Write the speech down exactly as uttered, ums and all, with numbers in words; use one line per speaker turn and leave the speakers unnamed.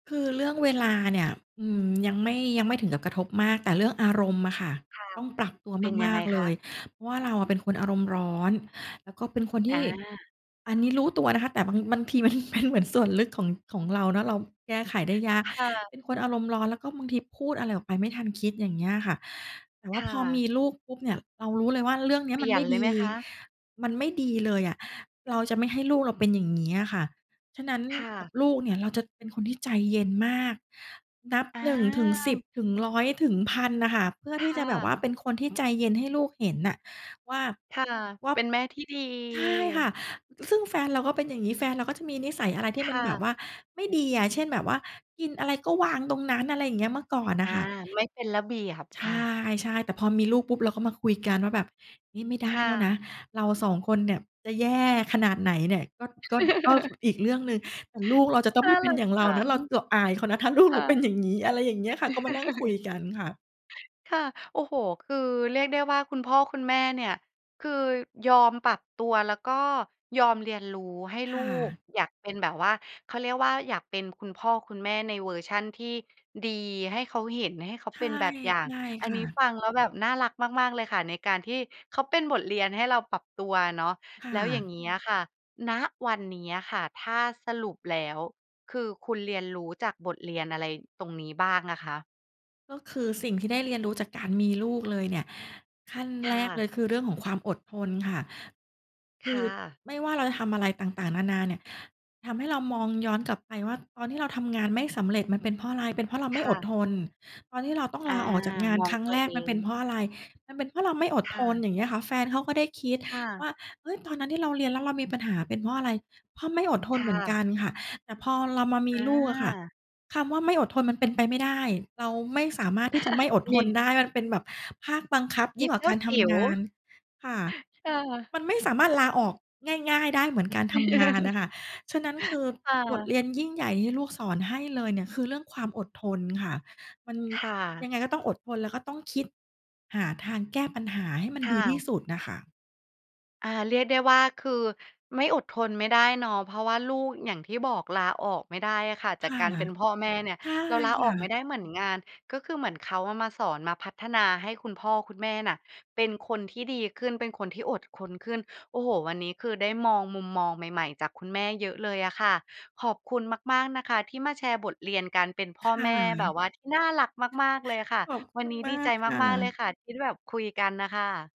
คือเรื่องเวลาเนี่ย อือ ยังไม่ ยังไม่ถึงกับกระทบมาก แต่เรื่องอารมณ์อะค่ะ
ค่ะ
ต้องปรับตัว
เป็นย
ม
ัง
า
ไง
ก ๆ เ
ค
ล
ะ?
ย เพราะว่าเราเป็นคนอารมณ์ร้อน แล้วก็เป็นคนท
อ
ี
า
่ อันนี้รู้ตัวนะคะ แต่บาง บางที มันเป็น เหมือนส่วนลึกของ ของเรานะ เราแก้ไขได้ยาก
ค่ะ
เป็นคนอารมณ์ร้อน แล้วก็บางทีพูดอะไรออกไปไม่ทันคิด อย่างเงี้ยค่ะ แต่ว
ค
่า
่
พอม
ะ
ีลูกปุ๊บเนี่ย เรารู้เลยว่า เรื่องเนี้
เป
ย
ล
มั
ี่
น
ย
ไม
น
่
เล
ด
ยไห
ี
มคะ?
มันไม่ดีเลยอะ เราจะไม่ให้ลูกเราเป็นอย่างเงี้ยอะค่ะ ฉะนั้น
ค่
กับ
ะ
ลูกเนี่ยเราจะเป็นคนที่ใจเย็นมาก นับ
อ
หนึ่ง ถึง สิบ
า
ถึง ร้อย ถึง พัน อะค่ะ เพื่อ
ค
ที่
่
จะแบบว
ะ
่าเป็นคนที่ใจเย็นให้ลูกเห็นน่ะว่า
ค่ะ
ว่า
เป็นแม่ที่ดี
ใช่ค่ะ ซึ่งแฟนเราก็เป็นอย่างงี้ แฟนเราก็จะมีนิสัยอะไรที
ค
่มั
่
นแบบ
ะ
ว่าไม่ดีอะ เช่น แบบว่ากินอะไรก็วางตรงนั้น อะไรเงี้ย เมื่อก่อนน
อ
่ะ
า
ค่ะ
ไม่เป็นระเบียบ
ใ
ค่ะ
ช่ ๆ แต่พอมีลูกปุ๊บ เราก็มาคุยกันว่าแบบ "นี่ไม่ได้
ค่
แล้วนะ
ะ
เราสองคนเนี่ยจะ แย่ ขนาดไหนเนี่ย ก็ ก็ ก็อีกเรื่องหนึ่ง แต่ลูกเราจะต้องไ
น่
ม
า
่เป็
ร
น
ั
อ
ก
ย่างเ
จ
รา
ั
นะ
ง
เราจะอายเขานะ ถ้าลูก
ค
เร
่
า เป็น
ะ
อย่างงี้" อะไรอย่างเงี้ยค่ะ ก็มานั่งคุยกันค่ะ
ค่ะ โอ้โฮ คือเรียกได้ว่าคุณพ่อคุณแม่เนี่ย คือยอมปรับตัวแล้วก็ยอมเรียนรู้ให้
ค
ลู
่
ก
ะ
อยากเป็นแบบว่า เขาเรียกว่า อยากเป็นคุณพ่อคุณแม่ในเวอร์ชันที่ดีให้เขาเห็น ให้เขา
ใช
เป
่
็นแบบอย่า
ใช
ง
่
อั
ค
นน
่
ี้
ะ
ฟังแล้วแบบน่ารักมาก ๆ เลยค่ะ ในการที่เขาเป็นบทเรียนให้เราปรับตัวเนาะ
ค่
แล้วอย่าง
ะ
เงี้ยอะค่ะ ณ วันนี้อะค่ะ ถ้าสรุปแล้ว คือคุณเรียนรู้จากบทเรียนอะไรตรงนี้บ้างอะคะ?
ก็คือสิ่งที่ได้เรียนรู้จากการมีลูกเลยเนี่ย ขั้น
ค
แร
่
กเ
ะ
ลยคือเรื่องของความอดทนค่ะ ค
ค
ื
่
อ
ะ
ไม่ว่าเราจะทำอะไรต่าง ๆ นานาเนี่ย ทำให้เรามองย้อนกลับไปว่า ตอนที่เราทำงานไม่สำเร็จมันเป็นเพราะอะไร? เป็นเพราะเราไม
ค
่
่
อด
ะ
ทน ตอนที่เราต้อง
อา
ลาออกจากงาน
มอง
ครั้
ต
ง
ั
แ
ว
ร
เ
ก
อ
มัน
ง
เป็นเพราะอะไร? มันเป็นเพราะเราไม่อด
ค
ท
่
น
ะ
อย่างเงี้ยค่ะ แฟนเขาก็ได้คิด
ค่ะ
ว่า เฮ้ย ตอนนั้นที่เราเรียน แล้วเรามีปัญหาเป็นเพราะอะไร? เพราะไม่อดท
ค
น
่
เหมือน
ะ
กันค่ะ แต่พอเรามามี
อ
ลูกอะค่ะ
า
คำว่า ไม่อดทนมันเป็นไปไม่ได้ เราไม่สามารถที่จะไม่อด
ม
ทน
ี
ได้ มันเป็นแบบภาคบังคับ
ม
ยิ
ี
่งกว่
เจ
า
้
ก
า
ารท
จิ๋ว
ำงาน ค่ะ
ค่ะ
มันไม่สามารถลาออกง่าย ๆ ได้เหมือนการทำงานน่ะค่ะ ฉะนั้นคือ
ค่
บท
ะ
เรียนยิ่งใหญ่ที่ลูกสอนให้เลยเนี่ย คือเรื่องความอดทนค่ะ มัน
ค่ะ
ยังไงก็ต้องอดทน แล้วก็ต้องคิดหาทางแก้ปัญหาให้มัน
ค
ด
่
ีที่
ะ
สุดน่ะค่ะ
อา เรียกได้ว่า คือไม่อดทนไม่ได้เนาะ เพราะว่าลูก อย่างที่บอก ลาออกไม่ได้อะค่ะจ
ค
าก
่ะ
การเป็นพ่อแม่เนี่ย
ใช่
เราลา
ค
ออ
่
กไม่
ะ
ได้เหมือนงาน ก็คือเหมือนเขาอะมาสอน มาพัฒนาให้คุณพ่อคุณแม่น่ะ เป็นคนที่ดีขึ้น เป็นคนที่อดคนขึ้น โอ้โฮ วันนี้คือได้มองมุมมองใหม่ ๆ จากคุณแม่เยอะเลยอะค่ะ ขอบคุณมาก ๆ นะคะที่มาแชร์บทเรียนการเป็นพ
ค
่อ
่
แม่ แบบ
ะ
ว่าที่น่ารักมาก ๆ เลยค่ะ
ขอบค
วั
ุ
นน
ณ
ี้
ม
ด
า
ีใจ
กค่
มาก ๆ เลย
ะ
ค่ะที่แบบคุยกันน่ะค่ะ